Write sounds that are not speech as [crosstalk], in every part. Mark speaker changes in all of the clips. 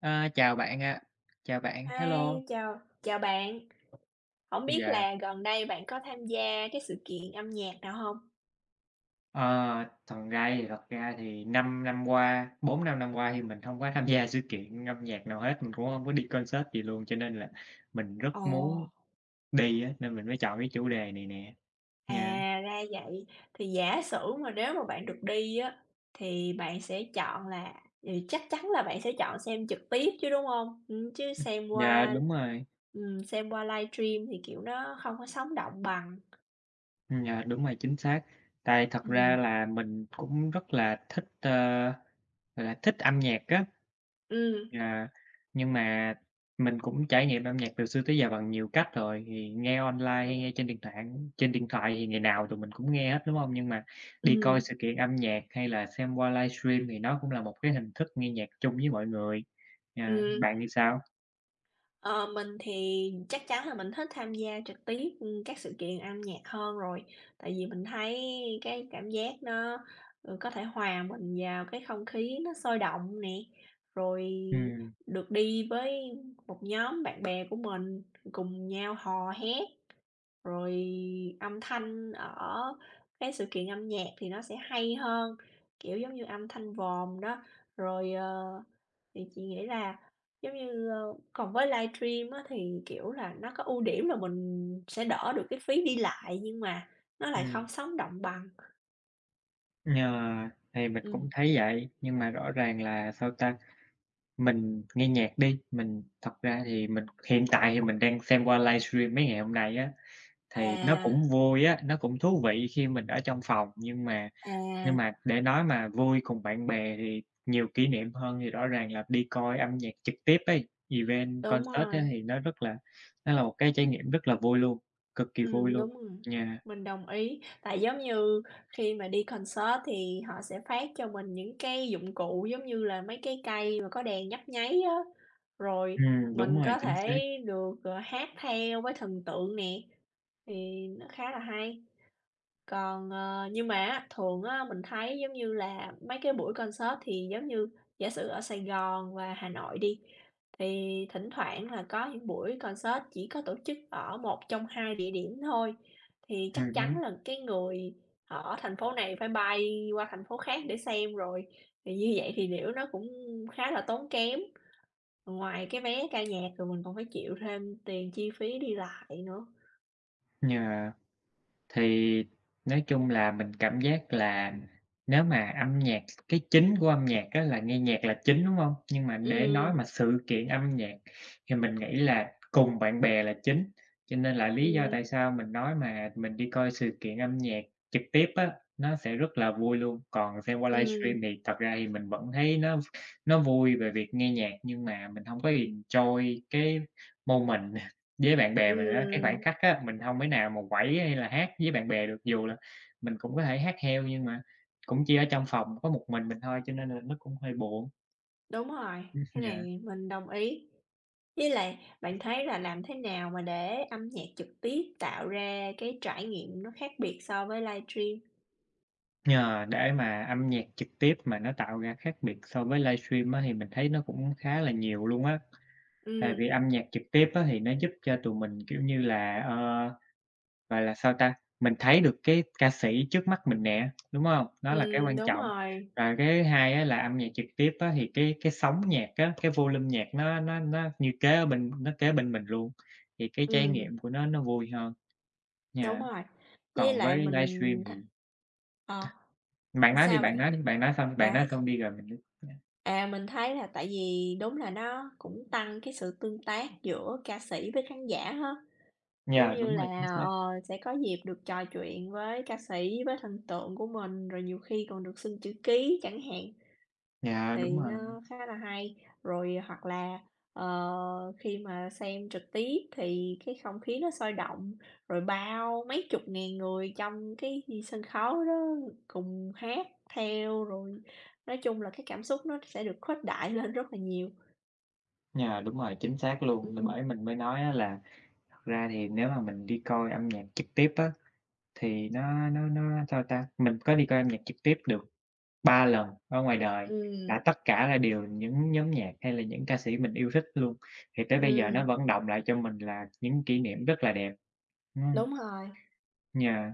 Speaker 1: Ơ, chào bạn ạ. Chào bạn, hello.
Speaker 2: Hi, chào chào bạn. Hổng biết
Speaker 1: Yeah.
Speaker 2: là gần đây bạn có tham gia cái sự kiện âm nhạc nào hông?
Speaker 1: Ờ. Thật ra thì thật ra thì 5 năm qua 4-5 năm qua thì mình hông có tham gia sự kiện âm nhạc nào hết, mình cũng hông có đi concert gì luôn, cho nên là mình rất muốn
Speaker 2: Ồ!
Speaker 1: đi á, nên mình mới chọn cái chủ đề này nè
Speaker 2: À,
Speaker 1: nha.
Speaker 2: ra vậy! Thì giả sử mà nếu mà bạn được đi á, thì bạn sẽ chọn là thì chắc chắn là bạn sẽ chọn xem trực tiếp chứ, đúng hông? Ừm, chứ xem
Speaker 1: Yeah,
Speaker 2: qua
Speaker 1: đúng rồi.
Speaker 2: ừm, xem qua livestream thì, kiểu, nó hông có sống động bằng.
Speaker 1: Ừm, yeah, đúng rồi, chính xác. Tại thật ra
Speaker 2: Ừm.
Speaker 1: là mình cũng rất là thích, ơ, gọi là, thích âm nhạc á.
Speaker 2: Ừm.
Speaker 1: Yeah. Nhưng mà mình cũng trải nghiệm âm nhạc từ xưa tới giờ bằng nhiều cách rồi. Thì nghe online hay nghe trên điện tạng á trên điện thoại thì ngày nào tụi mình cũng nghe hết, đúng hông? Nhưng mà đi coi
Speaker 2: Ừm.
Speaker 1: sự kiện âm nhạc, hay là xem qua livestream thì nó cũng là một cái hình thức nghe nhạc chung với mọi người. Ờ,
Speaker 2: Ừm.
Speaker 1: bạn thì sao?
Speaker 2: Ờ, mình thì chắc chắn là mình thích tham gia trực tiếp, ừm, các sự kiện âm nhạc hơn rồi. Tại vì mình thấy cái cảm giác nó, ừ, có thể hòa mình vào cái không khí nó sôi động nè, rồi
Speaker 1: Ừm.
Speaker 2: được đi với một nhóm bạn bè của mình cùng nhau hò hét, rồi âm thanh ở cái sự kiện âm nhạc thì nó sẽ hay hơn, kiểu, giống như âm thanh vòm đó. Rồi, ờ, thì chị nghĩ là giống như, ơ, còn với livestream á thì, kiểu, là nó có ưu điểm là mình sẽ đỡ được cái phí đi lại nhưng mà nó lại không
Speaker 1: Ừm.
Speaker 2: sống động bằng.
Speaker 1: Yeah, thì mình cũng
Speaker 2: Ừm.
Speaker 1: thấy vậy. Nhưng mà rõ ràng là sao ta? Mình nghe nhạc đi, mình thật ra thì mình hiện tại thì mình đang xem qua livestream mấy ngày hôm nay á, thì nó
Speaker 2: À
Speaker 1: cũng vui á, nó cũng thú vị khi mình ở trong phòng. Nhưng mà nhưng
Speaker 2: À.
Speaker 1: mà để nói mà vui cùng bạn bè thì nhiều kỷ niệm hơn thì rõ ràng là đi coi âm nhạc trực tiếp ấy, event,
Speaker 2: Đúng
Speaker 1: concert á
Speaker 2: rồi.
Speaker 1: thì nó rất là nó là một cái trải nghiệm rất là vui luôn, cực kỳ vui
Speaker 2: Ừm,
Speaker 1: luôn,
Speaker 2: đúng rồi,
Speaker 1: yeah.
Speaker 2: mình đồng ý. Tại giống như khi mà đi concert thì họ sẽ phát cho mình những cái dụng cụ giống như là mấy cái cây mà có đèn nhấp nháy á, rồi
Speaker 1: Ừm, đúng
Speaker 2: mình
Speaker 1: rồi,
Speaker 2: có
Speaker 1: chính
Speaker 2: thể
Speaker 1: xác.
Speaker 2: được, ờ, hát theo với thần tượng nè, thì nó khá là hay. Còn, ờ, nhưng mà á, thường á mình thấy giống như là mấy cái buổi concert thì giống như giả sử ở Sài Gòn và Hà Nội đi, thì thỉnh thoảng là có những buổi concert chỉ có tổ chức ở một trong hai địa điểm thôi, thì chắc
Speaker 1: Ừm
Speaker 2: chắn
Speaker 1: hứm.
Speaker 2: là cái người ở thành phố này phải bay qua thành phố khác để xem rồi. Thì như vậy thì liễu nó cũng khá là tốn kém, ngoài cái vé ca nhạc rồi mình còn phải chịu thêm tiền chi phí đi lại nữa.
Speaker 1: Yeah. Thì nói chung là mình cảm giác là nếu mà âm nhạc cái chính của âm nhạc á là nghe nhạc là chính, đúng hông? Nhưng mà để nói
Speaker 2: Ừm.
Speaker 1: mà sự kiện âm nhạc thì mình nghĩ là cùng bạn bè là chính, cho nên là lý do tại
Speaker 2: Ừm.
Speaker 1: sao mình nói mà mình đi coi sự kiện âm nhạc trực tiếp á, nó sẽ rất là vui luôn. Còn xem qua livestream
Speaker 2: Ừm.
Speaker 1: thì thật ra thì mình vẫn thấy nó nó vui về việc nghe nhạc nhưng mà mình hông có enjoy cái moment [laughs] với bạn bè mình á. Cái khoảnh
Speaker 2: Ừm.
Speaker 1: khắc á, mình hông thể nào mà quẩy hay là hát với bạn bè được. Dù là mình cũng có thể hát theo nhưng mà cũng chỉ ở trong phòng có một mình mình thôi cho nên là nó cũng hơi buồn.
Speaker 2: Đúng rồi,
Speaker 1: Ừm,
Speaker 2: cái
Speaker 1: yeah.
Speaker 2: này mình đồng ý. Với lại bạn thấy là làm thế nào mà để âm nhạc trực tiếp tạo ra cái trải nghiệm nó khác biệt so với livestream?
Speaker 1: Yeah, để mà âm nhạc trực tiếp mà nó tạo ra khác biệt so với livestream á thì mình thấy nó cũng khá là nhiều luôn á. Tại
Speaker 2: Ừm.
Speaker 1: vì âm nhạc trực tiếp á thì nó giúp cho tụi mình, kiểu như là, ờ, gọi là sao ta? Mình thấy được cái ca sĩ trước mắt mình nè, đúng hông? Nó là cái
Speaker 2: Ừm.
Speaker 1: quan
Speaker 2: Đúng
Speaker 1: trọng.
Speaker 2: rồi.
Speaker 1: Và cái thứ hai á là âm nhạc trực tiếp á thì cái cái sóng nhạc á, cái volume nhạc nó nó nó như kế ở bên nó kế bên mình luôn, thì cái trải
Speaker 2: Ừm.
Speaker 1: nghiệm của nó nó vui hơn,
Speaker 2: Đúng
Speaker 1: yeah.
Speaker 2: rồi, với
Speaker 1: Còn với
Speaker 2: lại
Speaker 1: livestream
Speaker 2: mình thấy
Speaker 1: thì
Speaker 2: ờ,
Speaker 1: bạn nói đi,
Speaker 2: sao
Speaker 1: bạn
Speaker 2: bạn?
Speaker 1: nói đi! Bạn nói xong bạn
Speaker 2: À,
Speaker 1: nói
Speaker 2: kh
Speaker 1: xong đi rồi mình mới nói.
Speaker 2: À, mình thấy là tại vì đúng là nó cũng tăng cái sự tương tác giữa ca sĩ với khán giả ha. Giống
Speaker 1: Yeah,
Speaker 2: như
Speaker 1: đúng rồi,
Speaker 2: là,
Speaker 1: chính xác.
Speaker 2: ờ, sẽ có dịp được trò chuyện với ca sĩ, với thần tượng của mình, rồi nhiều khi còn được xin chữ ký chẳng hạn,
Speaker 1: Yeah,
Speaker 2: thì
Speaker 1: đúng rồi.
Speaker 2: nó khá là hay. Rồi, hoặc là, ờ, khi mà xem trực tiếp thì cái không khí nó sôi động, rồi bao mấy chục ngàn người trong cái sân khấu đó cùng hát theo, rồi nói chung là cái cảm xúc nó sẽ được khuếch đại lên rất là nhiều.
Speaker 1: Yeah, đúng rồi, chính xác luôn. Nên
Speaker 2: Ừm.
Speaker 1: bởi mình mới nói á là thật ra thì nếu mà mình đi coi âm nhạc trực tiếp á, thì nó nó nó sao ta? Mình có đi coi âm nhạc trực tiếp được 3 lần ở ngoài đời, là
Speaker 2: Ừm.
Speaker 1: tất cả là đều những nhóm nhạc hay là những ca sĩ mình yêu thích luôn. Thì tới bây giờ nó
Speaker 2: Ừm.
Speaker 1: vẫn đọng lại cho mình là những kỷ niệm rất là đẹp. Ừm.
Speaker 2: Đúng rồi.
Speaker 1: Yeah.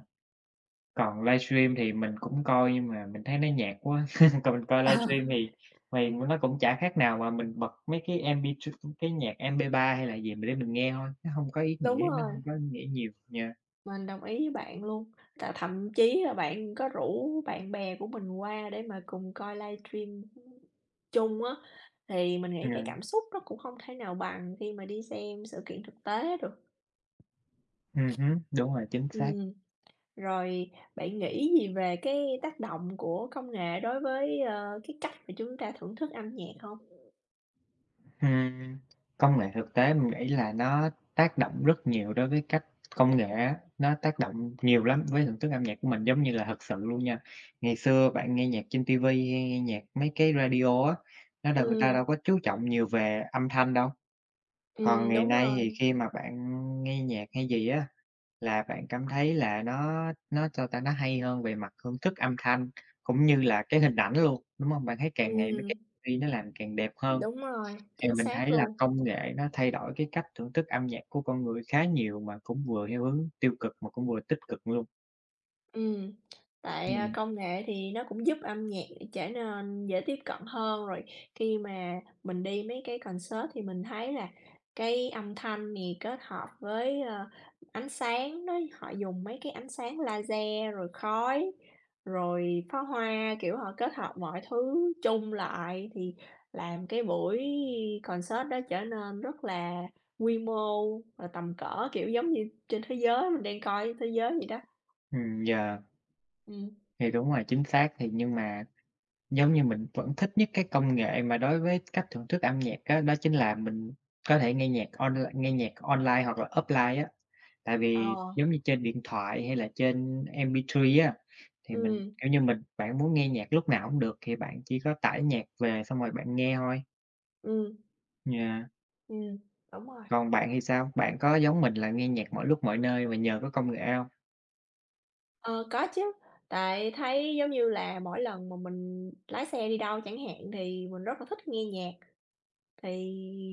Speaker 1: Còn livestream thì mình cũng coi nhưng mà mình thấy nó nhạt quá. [laughs] Còn mình coi
Speaker 2: Ờ.
Speaker 1: livestream thì thì nó cũng chả khác nào mà mình bật mấy cái cái MP2 ừm, cái nhạc MP3 hay là gì mà để mình nghe thôi, nó hông có ý
Speaker 2: Đúng
Speaker 1: nghĩa, nó
Speaker 2: rồi.
Speaker 1: hông có ý nghĩa nhiều, yeah.
Speaker 2: Mình đồng ý với bạn luôn, là thậm chí là bạn có rủ bạn bè của mình qua để mà cùng coi livestream, chung á thì mình nghĩ cái
Speaker 1: Yeah.
Speaker 2: cảm xúc nó cũng không thể nào bằng khi mà đi xem sự kiện thực tế được.
Speaker 1: Ừm hứm, đúng rồi, chính xác.
Speaker 2: Ừm, rồi bạn nghĩ gì về cái tác động của công nghệ đối với, ơ, cái cách mà chúng ta thưởng thức âm nhạc hông?
Speaker 1: Ừm, công nghệ thực tế mình nghĩ là nó tác động rất nhiều đối với cách công nghệ á, nó tác động nhiều lắm với thưởng thức âm nhạc của mình. Giống như là thật sự luôn nha, ngày xưa bạn nghe nhạc trên ti vi hay nghe nhạc mấy cái radio á, nó đâu người ta
Speaker 2: Ừm.
Speaker 1: đâu có chú trọng nhiều về âm thanh đâu. Còn
Speaker 2: Ừm,
Speaker 1: ngày
Speaker 2: đúng
Speaker 1: nay thì
Speaker 2: rồi.
Speaker 1: khi mà bạn nghe nhạc hay gì á, là bạn cảm thấy là nó nó chao ta? Nó hay hơn về mặt thưởng thức âm thanh cũng như là cái hình ảnh luôn, đúng hông? Bạn thấy càng ngày mấy cái
Speaker 2: Ừm.
Speaker 1: V nó làm càng đẹp hơn.
Speaker 2: Đúng rồi,
Speaker 1: Thì
Speaker 2: chính
Speaker 1: mình
Speaker 2: xác
Speaker 1: thấy là
Speaker 2: luôn.
Speaker 1: công nghệ nó thay đổi cái cách thưởng thức âm nhạc của con người khá nhiều mà cũng vừa theo hướng tiêu cực mà cũng vừa tích cực luôn.
Speaker 2: Ừm. [smacks lips] Tại, à,
Speaker 1: Ừm.
Speaker 2: công nghệ thì nó cũng giúp âm nhạc trở nên dễ tiếp cận hơn, rồi khi mà mình đi mấy cái concert thì mình thấy là cái âm thanh thì kết hợp với, ờ, ánh sáng đó, họ dùng mấy cái ánh sáng laser rồi khói, rồi pháo hoa, kiểu, họ kết hợp mọi thứ chung lại thì làm cái buổi concert đó trở nên rất là quy mô và tầm cỡ, kiểu, giống như trên thế giới mình đang coi thế giới vậy đó.
Speaker 1: Ừm, yeah.
Speaker 2: Ừm.
Speaker 1: Thì đúng rồi, chính xác. Thì nhưng mà giống như mình vẫn thích nhất cái công nghệ mà đối với cách thưởng thức âm nhạc á, đó chính là mình có thể nghe nhạc onl nghe nhạc online hoặc là offline á. Tại vì
Speaker 2: Ờ.
Speaker 1: giống như trên điện thoại hay là trên MP3 á, thì mình,
Speaker 2: Ừm.
Speaker 1: kiểu như, mình bạn muốn nghe nhạc lúc nào cũng được, thì bạn chỉ có tải nhạc về xong rồi bạn nghe thôi.
Speaker 2: Ừm.
Speaker 1: Yeah.
Speaker 2: Ừm, đúng rồi.
Speaker 1: Còn bạn thì sao? Bạn có giống mình là nghe nhạc mọi lúc mọi nơi vì nhờ có công nghệ hông?
Speaker 2: Ờ, có chứ, tại thấy giống như là mỗi lần mà mình lái xe đi đâu chẳng hạn thì mình rất là thích nghe nhạc. Thì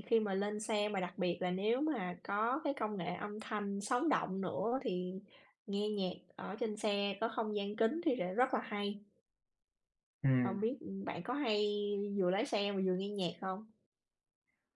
Speaker 2: khi mà lên xe mà đặc biệt là nếu mà có cái công nghệ âm thanh sống động nữa thì nghe nhạc ở trên xe có không gian kín thì sẽ rất là hay.
Speaker 1: Ừm.
Speaker 2: Không biết, ưm, bạn có hay vừa lái xe mà vừa nghe nhạc không?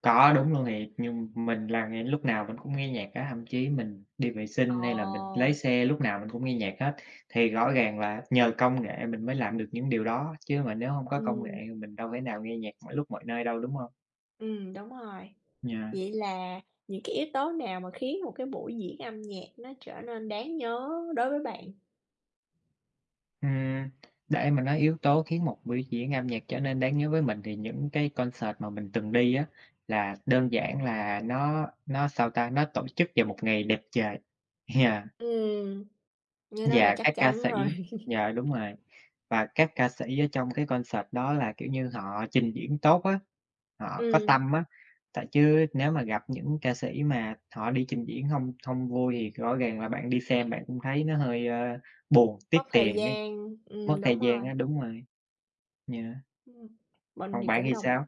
Speaker 1: Có, đúng luôn nè. Nhưng mình là ngay lúc nào mình cũng nghe nhạc á, thậm chí mình đi vệ sinh hay là mình lái
Speaker 2: Ồ!
Speaker 1: xe lúc nào mình cũng nghe nhạc hết. Thì rõ ràng là nhờ công nghệ mình mới làm được những điều đó, chứ mà nếu hông có công nghệ
Speaker 2: Ừm.
Speaker 1: thì mình đâu thể nào nghe nhạc mọi lúc mọi nơi đâu, đúng hông?
Speaker 2: Ừm, đúng rồi.
Speaker 1: Yeah.
Speaker 2: Vậy là những cái yếu tố nào mà khiến một cái buổi diễn âm nhạc nó trở nên đáng nhớ đối với bạn?
Speaker 1: Ừm, để mà nói yếu tố khiến một biểu diễn âm nhạc trở nên đáng nhớ với mình, thì những cái concert mà mình từng đi á, là đơn giản là nó nó sao ta? Nó tổ chức vào một ngày đẹp trời. Yeah.
Speaker 2: Ừm, như nó là
Speaker 1: Yeah,
Speaker 2: chắc
Speaker 1: các ca
Speaker 2: chắn rồi.
Speaker 1: sĩ yeah, đúng
Speaker 2: [laughs]
Speaker 1: rồi. Và các ca sĩ ở trong cái concert đó là, kiểu như, họ trình diễn tốt á, họ có
Speaker 2: Ừm.
Speaker 1: tâm á, tại chứ nếu mà gặp những ca sĩ mà họ đi trình diễn hông hông vui thì rõ ràng là bạn đi xem bạn cũng thấy nó hơi, ơ, buồn, tiếc
Speaker 2: Mất thời
Speaker 1: tiền ấy,
Speaker 2: gian,
Speaker 1: mất
Speaker 2: ừm,
Speaker 1: thời
Speaker 2: đúng rồi.
Speaker 1: gian á, đúng rồi. Yeah.
Speaker 2: Ừm. Mình
Speaker 1: Còn
Speaker 2: thì
Speaker 1: bạn
Speaker 2: cũng
Speaker 1: thì
Speaker 2: đồng m
Speaker 1: sao?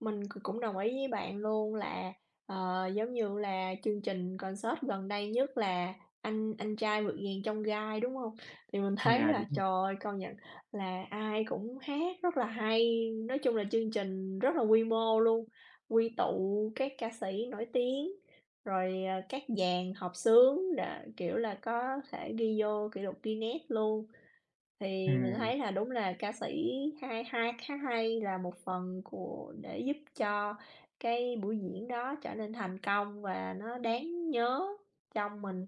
Speaker 2: mình c cũng đồng ý với bạn luôn, là, ờ, giống như là chương trình concert gần đây nhất là "Anh anh trai vượt ngàn chông gai", đúng hông? Thì mình
Speaker 1: Ừm,
Speaker 2: thấy
Speaker 1: yeah, đúng
Speaker 2: là,
Speaker 1: rồi.
Speaker 2: trời ơi, công nhận là ai cũng hát rất là hay, nói chung là chương trình rất là quy mô luôn, quy tụ các ca sĩ nổi tiếng, rồi, ờ, các dàn hợp xướng rồi, kiểu, là có thể ghi vô kỷ lục Guinness luôn. Thì mình
Speaker 1: Ừm.
Speaker 2: thấy là đúng là ca sĩ hai hai hát hay là một phần của để giúp cho cái buổi diễn đó trở nên thành công và nó đáng nhớ trong mình.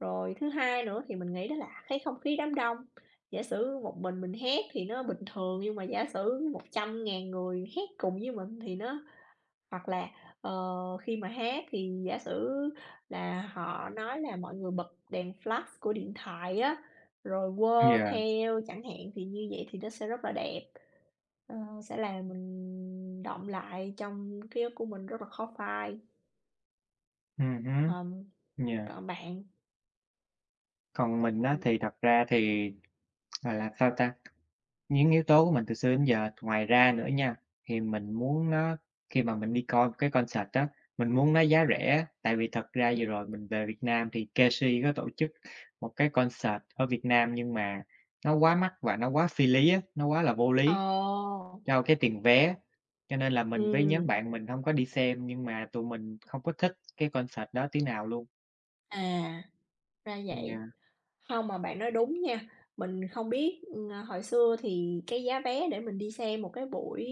Speaker 2: Rồi thứ hai nữa thì mình nghĩ đó là cái không khí đám đông, giả sử một mình mình hát thì nó bình thường, nhưng mà giả sử 100.000 người hát cùng với mình thì nó hoặc là, ờ, khi mà hát thì giả sử là họ nói là mọi người bật đèn flash của điện thoại á, rồi quơ
Speaker 1: Yeah.
Speaker 2: theo chẳng hạn, thì như vậy thì nó sẽ rất là đẹp, ờ, sẽ làm mình đọng lại trong ký ức của mình rất là khó phai.
Speaker 1: Ừm hứm.
Speaker 2: Ờm,
Speaker 1: Yeah.
Speaker 2: còn bạn?
Speaker 1: Còn mình á thì
Speaker 2: Ừm.
Speaker 1: thật ra thì, gọi là, sao ta? Những yếu tố của mình từ xưa đến giờ, ngoài ra nữa nha, thì mình muốn nó khi mà mình đi coi một cái concert á, mình muốn nó giá rẻ. Tại vì thật ra
Speaker 2: Ừm.
Speaker 1: vừa rồi mình về Việt Nam thì Keshi có tổ chức một cái concert ở Việt Nam, nhưng mà nó quá mắc và nó quá phi lý á, nó quá là vô lý
Speaker 2: Ồ!
Speaker 1: cho cái tiền vé. Cho nên là mình với nhóm
Speaker 2: Ừm.
Speaker 1: bạn mình hông có đi xem nhưng mà tụi mình không có thích cái concert đó tí nào luôn.
Speaker 2: À, ra vậy.
Speaker 1: Yeah.
Speaker 2: Hông, mà bạn nói đúng nha. Mình không biết, à, hồi xưa thì cái giá vé để mình đi xem một cái buổi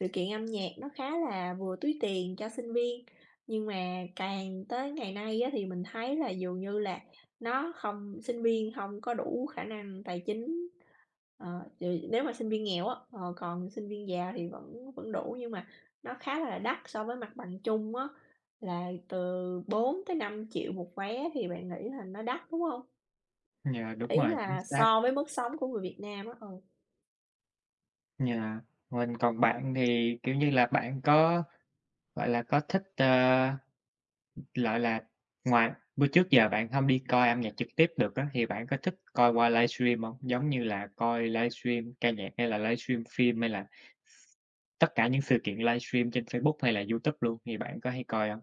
Speaker 2: sự kiện âm nhạc nó khá là vừa túi tiền cho sinh viên. Nhưng mà càng tới ngày nay á thì mình thấy là dường như là nó không sinh viên hông có đủ khả năng tài chính, ờ, ch nếu mà sinh viên nghèo á, ờ, còn sinh viên giàu thì vẫn vẫn đủ. Nhưng mà nó khá là đắt so với mặt bằng chung á, là từ 4.000.000-5.000.000 một vé thì bạn nghĩ là nó đắt, đúng hông?
Speaker 1: Yeah, đúng
Speaker 2: Ý
Speaker 1: rồi, chính
Speaker 2: là
Speaker 1: xác.
Speaker 2: so với mức sống của người Việt Nam á, ừ.
Speaker 1: Yeah, mình còn bạn thì, kiểu như là, bạn có, gọi là, có thích, ơ, gọi là, ngoài bữa trước giờ bạn hông đi coi âm nhạc trực tiếp được á, thì bạn có thích coi qua livestream hông? Giống như là coi livestream ca nhạc, hay là livestream phim, hay là x tất cả những sự kiện livestream trên Facebook, hay là YouTube luôn thì bạn có hay coi hông?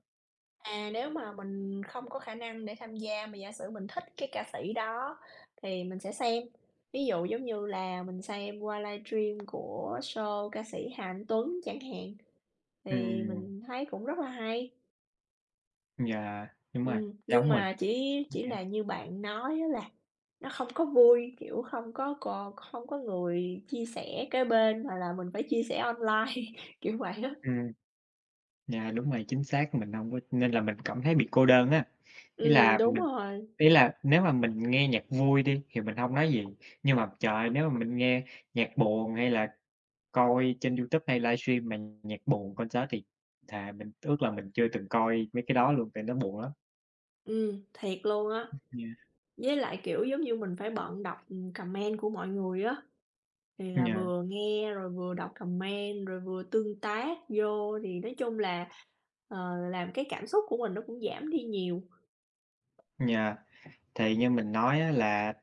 Speaker 2: À, nếu mà mình không có khả năng để tham gia mà giả sử mình thích cái ca sĩ đó thì mình sẽ xem, ví dụ giống như là mình xem qua livestream của show ca sĩ Hà Anh Tuấn chẳng hạn, thì
Speaker 1: Ừm.
Speaker 2: mình thấy cũng rất là hay.
Speaker 1: Yeah, đúng rồi,
Speaker 2: Ừm, nhưng
Speaker 1: giống mình.
Speaker 2: mà chỉ chỉ
Speaker 1: [unintelligible]
Speaker 2: là như bạn nói á là nó không có vui, kiểu, không có c không có người chia sẻ kế bên mà là mình phải chia sẻ online, [laughs] kiểu vậy á.
Speaker 1: Ừm. Yeah, đúng rồi, chính xác, mình hông có nên là mình cảm thấy bị cô đơn á, ý
Speaker 2: Ừm,
Speaker 1: là
Speaker 2: đúng
Speaker 1: mình
Speaker 2: rồi.
Speaker 1: ý là nếu mà mình nghe nhạc vui đi thì mình hông nói gì, nhưng mà trời ơi, nếu mà mình mình nghe nhạc buồn, hay là coi trên YouTube hay livestream mà nh nhạc buồn, concert thì thà mình ước là mình chưa từng coi mấy cái đó luôn, tại nó buồn lắm.
Speaker 2: Ừm, thiệt luôn á
Speaker 1: Ừm, yeah.
Speaker 2: với lại, kiểu, giống như mình phải bận đọc, ừm, comment của mọi người á, thì là
Speaker 1: Yeah.
Speaker 2: vừa nghe rồi vừa đọc comment rồi vừa tương tác vô thì nói chung là, ờ, làm cái cảm xúc của mình nó cũng giảm đi nhiều.
Speaker 1: Yeah, thì như mình nói á là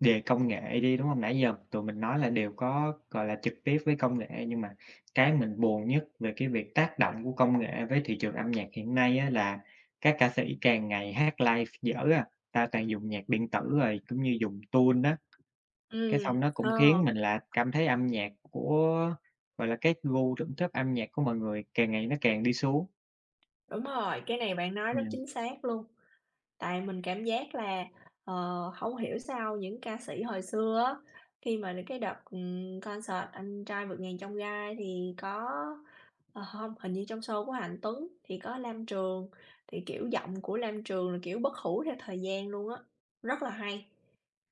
Speaker 1: về công nghệ đi, đúng hông? Nãy giờ tụi mình nói là đều có, gọi là, trực tiếp với công nghệ, nhưng mà cái mình buồn nhất về cái việc tác động của công nghệ với thị trường âm nhạc hiện nay á là các ca sĩ càng ngày hát live dở à, ta toàn dùng nhạc điện tử rồi cũng như dùng tune á, cái
Speaker 2: Ừm,
Speaker 1: xong nó cũng khiến
Speaker 2: ờ.
Speaker 1: mình là cảm thấy âm nhạc của, gọi là, các gu thưởng thức âm nhạc của mọi người càng ngày nó càng đi xuống.
Speaker 2: Đúng rồi, cái này bạn nói rất
Speaker 1: Yeah.
Speaker 2: chính xác luôn. Tại mình cảm giác là, ờ, hông hiểu sao những ca sĩ hồi xưa á, khi mà đ cái đợt, ừm, concert "Anh trai vượt ngàn chông gai" thì có ờ, hông, hình như trong show của Hà Anh Tuấn thì có Lam Trường thì, kiểu, giọng của Lam Trường là, kiểu, bất hủ theo thời gian luôn á, rất là hay.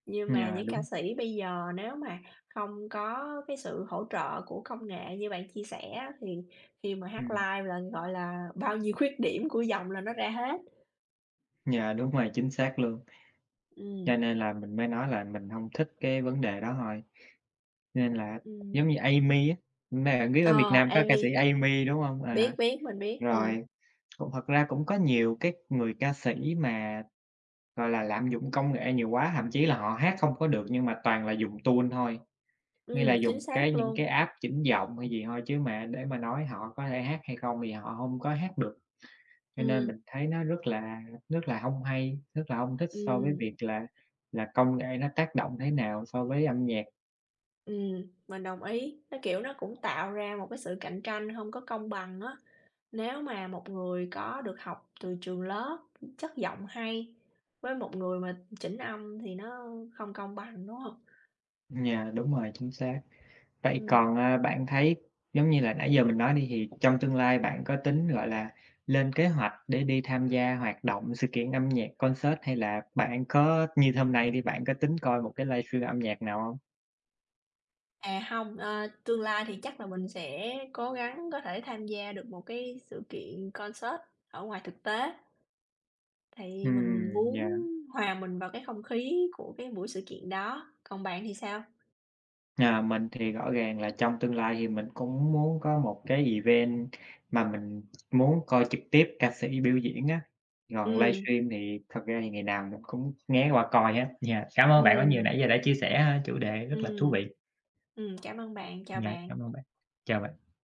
Speaker 2: Nhưng mà
Speaker 1: Yeah,
Speaker 2: những ca
Speaker 1: đúng.
Speaker 2: sĩ bây giờ nếu mà không có cái sự hỗ trợ của công nghệ như bạn chia sẻ á, thì khi mà hát
Speaker 1: Ừm.
Speaker 2: live là, gọi là, bao nhiêu khuyết điểm của giọng là nó ra hết.
Speaker 1: Yeah, đúng rồi, chính xác luôn.
Speaker 2: Ừm.
Speaker 1: Cho nên là mình mới nói là mình hông thích cái vấn đề đó thôi, nên là giống
Speaker 2: Ừm.
Speaker 1: như Amee á, mà bạn biết ở Việt
Speaker 2: Ờ,
Speaker 1: Nam có ca
Speaker 2: Amee.
Speaker 1: sĩ Amee, đúng hông? À,
Speaker 2: Biết, biết, mình biết, ừm.
Speaker 1: rồi, cũng thật ra cũng có nhiều cái người ca sĩ mà, gọi là, lạm dụng công nghệ nhiều quá, thậm chí là họ hát không có được nhưng mà toàn là dùng tune thôi, nghĩa là
Speaker 2: Ừm, chính
Speaker 1: dùng cái
Speaker 2: xác
Speaker 1: những cái
Speaker 2: luôn.
Speaker 1: app chỉnh giọng hay gì thôi, chứ mà để mà nói họ có thể hát hay không thì họ hông có hát được. Cho nên
Speaker 2: Ừm.
Speaker 1: mình thấy nó rất là rất là hông hay, rất là hông thích so với
Speaker 2: Ừm.
Speaker 1: việc là là công nghệ nó tác động thế nào so với âm nhạc.
Speaker 2: Ừm, mình đồng ý. Nó, kiểu, nó cũng tạo ra một cái sự cạnh tranh hông có công bằng á. Nếu mà một người có được học từ trường lớp, chất giọng hay với một người mà chỉnh âm thì nó không công bằng, đúng hông?
Speaker 1: Yeah, đúng rồi, chính xác. Vậy
Speaker 2: Ừm.
Speaker 1: còn, à, bạn thấy giống như là nãy giờ mình nói đi, thì trong tương lai bạn có tính, gọi là, lên kế hoạch để đi tham gia hoạt động, sự kiện âm nhạc, concert hay là bạn có, như hôm nay đi, bạn có tính coi một cái livestream âm nhạc nào hông?
Speaker 2: À, hông, ờ, tương lai thì chắc là mình sẽ cố gắng có thể tham gia được một cái sự kiện concert ở ngoài thực tế, tại vì mình
Speaker 1: Ừm,
Speaker 2: muốn
Speaker 1: yeah.
Speaker 2: hòa mình vào cái không khí của cái buổi sự kiện đó. Còn bạn thì sao?
Speaker 1: À, mình thì rõ ràng là trong tương lai thì mình cũng muốn có một cái event mà mình muốn coi trực tiếp ca sĩ biểu diễn á, còn
Speaker 2: Ừm.
Speaker 1: livestream thì thực ra thì ngày nào mình cũng nghé qua coi hết. Yeah, cảm ơn bạn rất nhiều
Speaker 2: Ừm.
Speaker 1: nãy giờ đã chia sẻ ha, chủ đề rất là thú
Speaker 2: Ừm.
Speaker 1: vị.
Speaker 2: Ừm, cảm ơn bạn. Chào
Speaker 1: Yeah, cảm
Speaker 2: bạn.
Speaker 1: ơn bạn. Chào bạn.